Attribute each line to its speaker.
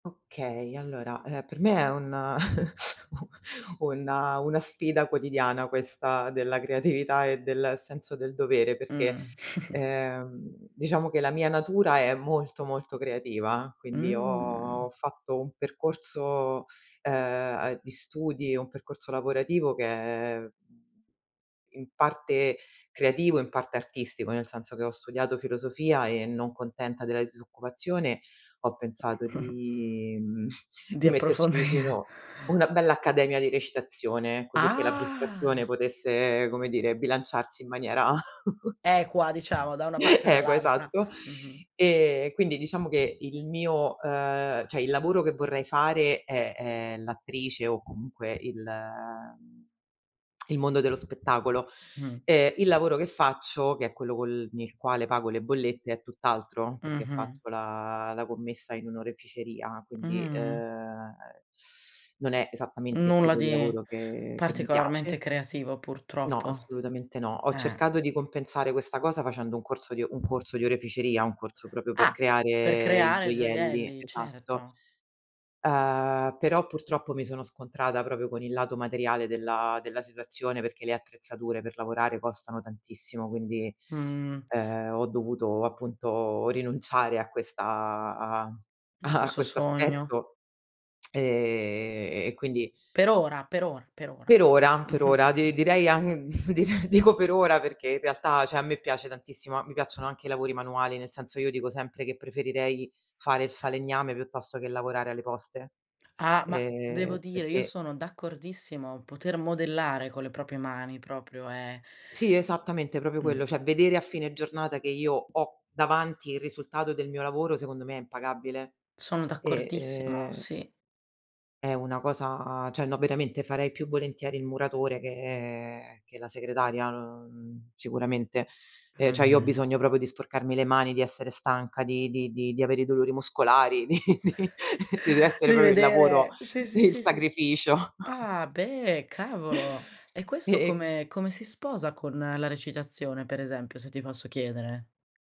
Speaker 1: Okay, allora, ehm, per me è un u una una sfida quotidiana, questa della creatività e del senso del dovere,
Speaker 2: Mh.
Speaker 1: perché, ehm, diciamo che, la mia natura è molto, molto creativa, quindi ho
Speaker 2: Mh.
Speaker 1: fatto un percorso, ehm, uhm, di studi un percorso lavorativo che è in parte creativo, in parte artistico, nel senso che, ho studiato filosofia e non contenta della disoccupazione, ho pensato di mhmm,
Speaker 2: Di
Speaker 1: di metterci
Speaker 2: approfondire.
Speaker 1: vicino una bella accademia di recitazione, così che la frustrazione
Speaker 2: Ah.
Speaker 1: potesse, come dire, bilanciarsi in maniera
Speaker 2: E qua, diciamo, da una parte e
Speaker 1: equa,
Speaker 2: dall'altra,
Speaker 1: esatto.
Speaker 2: mh-mh.
Speaker 1: E quindi diciamo che il mio ehm, cioè il lavoro che vorrei fare, è, ehm, l'attrice o comunque il ehm, il mondo dello spettacolo.
Speaker 2: Mh.
Speaker 1: Ehm, il lavoro che faccio, che è quello col n il quale pago le bollette, è tutt'altro, perché
Speaker 2: Mh-mh.
Speaker 1: faccio la la commessa in un'oreficeria, quindi,
Speaker 2: Mh.
Speaker 1: ehm, non è esattamente il
Speaker 2: Nulla
Speaker 1: tipo di
Speaker 2: di
Speaker 1: lavoro che che mi piace.
Speaker 2: particolarmente creativo
Speaker 1: No,
Speaker 2: purtroppo,
Speaker 1: assolutamente no. Ho
Speaker 2: eh.
Speaker 1: cercato di compensare questa cosa facendo un corso di o un corso di oreficeria, un corso proprio per
Speaker 2: Ah, per
Speaker 1: creare i
Speaker 2: creare
Speaker 1: gioielli,
Speaker 2: gioielli,
Speaker 1: esatto.
Speaker 2: certo.
Speaker 1: Uhm, però purtroppo mi sono scontrata proprio con il lato materiale della della situazione, perché le attrezzature per lavorare costano tantissimo, quindi,
Speaker 2: Mh.
Speaker 1: ehm, ho dovuto appunto rinunciare a questa a
Speaker 2: Da
Speaker 1: a
Speaker 2: questo sogno.
Speaker 1: quest'aspetto, e e quindi
Speaker 2: Per ora, per ora, per ora.
Speaker 1: Per ora, per ora, di direi ang direi dico per ora, perché in realtà, cioè, a me piace tantissimo a mi piacciono anche i lavori manuali, nel senso, io dico sempre che preferirei fare il falegname, piuttosto che lavorare alle Poste,
Speaker 2: Ah, ma, devo
Speaker 1: ehm,
Speaker 2: dire, io
Speaker 1: perché
Speaker 2: sono d'accordissimo, poter modellare con le proprie man, proprio è
Speaker 1: Sì, esattamente, proprio quello,
Speaker 2: Mh.
Speaker 1: cioè vedere a fine giornata che io ho davanti il risultato del mio lavoro, secondo me è impagabile
Speaker 2: Sono
Speaker 1: e,
Speaker 2: d'accordissimo,
Speaker 1: ehm
Speaker 2: sì.
Speaker 1: È una cosa, cioè no, veramente farei più volentieri il muratore, che che la segretaria, uhm, sicuramente. Ehm, cioè io ho
Speaker 2: Mh-mh.
Speaker 1: bisogno proprio di sporcarmi le mani, di essere stanca, di di di di avere i dolori muscolari, di di sì, dev'essere
Speaker 2: Devi
Speaker 1: proprio il lavoro,
Speaker 2: vedere. Sì, sì,
Speaker 1: il
Speaker 2: sì, sì.
Speaker 1: sacrificio.
Speaker 2: Ah beh, cavolo. E
Speaker 1: E
Speaker 2: questo
Speaker 1: e
Speaker 2: come come si sposa con la recitazione, per esempio, se ti posso chiedere?